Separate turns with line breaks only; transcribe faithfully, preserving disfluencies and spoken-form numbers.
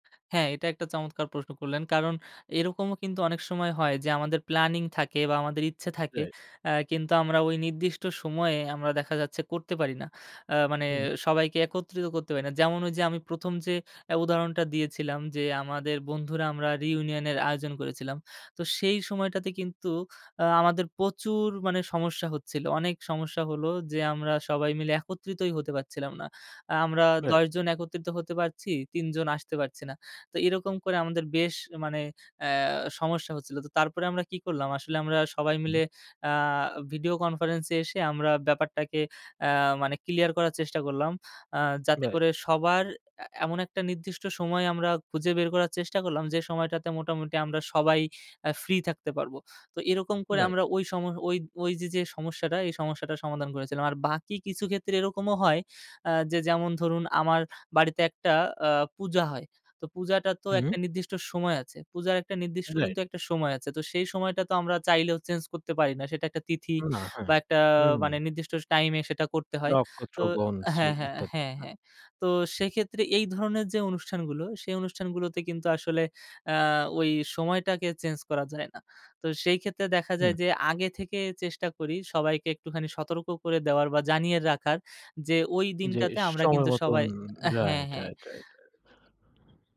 হ্যাঁ, এটা একটা চমৎকার প্রশ্ন করলেন। কারণ এরকমও কিন্তু অনেক সময় হয় যে, আমাদের প্ল্যানিং থাকে বা আমাদের ইচ্ছা থাকে।
রাইট।
আ কিন্তু আমরা ওই নির্দিষ্ট সময়ে আমরা দেখা যাচ্ছে করতে পারি না। আ মানে
হু, হু।
সবাইকে একত্রিত করতে পারি না। যেমন ওই যে, আমি প্রথম যে, অ্যা উদাহরণটা দিয়েছিলাম যে আমাদের বন্ধুরা আমরা রিইউনিয়নের আয়োজন করেছিলাম। তো সেই সময়টাতে কিন্তু আ আমাদের প্রচুর মানে সমস্যা হচ্ছিল। অনেক সমস্যা হলো যে, আমরা সবাই মিলে একত্রিতই হতে পারছিলাম না। আ আমরা
রাইট।
দশ জন একত্রিত তো হতে পারছি, তিন জন আসতে পারছি না। তো এরকম করে আমাদের বেশ মানে অ্যা সমস্যা হচ্ছিল। তো তারপরে আমরা কি করলাম, আসলে আমরা সবাই মিলে
হু।
আ ভিডিও কনফারেন্সে এসে, আমরা ব্যাপারটাকে আ মানে ক্লিয়ার করার চেষ্টা করলাম। আ যাতে
রাইট।
করে সবার অ্যা এমন একটা নির্দিষ্ট সময় আমরা খুঁজে বের করার চেষ্টা করলাম, যে সময়টাতে মোটামুটি আমরা সবাই অ্যা ফ্রি থাকতে পারবো। তো এরকম করে
রাইট।
আমরা ওই সম ওই যে, যে সমস্যাটা, এই সমস্যাটা সমাধান করেছিলাম। আর বাকি কিছু ক্ষেত্রে এরকমও হয়। আ যে, যেমন ধরুন আমার বাড়িতে একটা আ পূজা হয়। তো পূজাটা তো
হু, হু।
একটা নির্দিষ্ট সময় আছে। পূজার একটা নির্দিষ্ট
রাইট।
কিন্তু একটা সময় আছে। তো সেই সময়টা তো আমরা চাইলেও চেঞ্জ করতে পারি না। সেটা একটা তিথি
না,
বা
হ্যাঁ,
একটা
হুম।
মানে নির্দিষ্ট টাইম এ সেটা করতে হয়। তো
নক্ষত্রগণ, শ্রী
হ্যাঁ, হ্যাঁ,
ইত্যাদি,
হ্যাঁ,
হ্যাঁ।
হ্যাঁ। তো সেক্ষেত্রে এই ধরনের যে অনুষ্ঠানগুলো, সেই অনুষ্ঠানগুলোতে কিন্তু আসলে আ ওই সময়টাকে চেঞ্জ করা যায় না। তো সেই ক্ষেত্রে দেখা যায়
হুম।
যে, আগে থেকে চেষ্টা করি সবাইকে একটুখানি সতর্ক করে দেওয়ার বা জানিয়ে রাখার যে, ওই
যে
দিনটাতে আমরা
সময়
কিন্তু
মতন,
সবাই হ্যাঁ,
রাইট,
হ্যাঁ।
Right, right, right.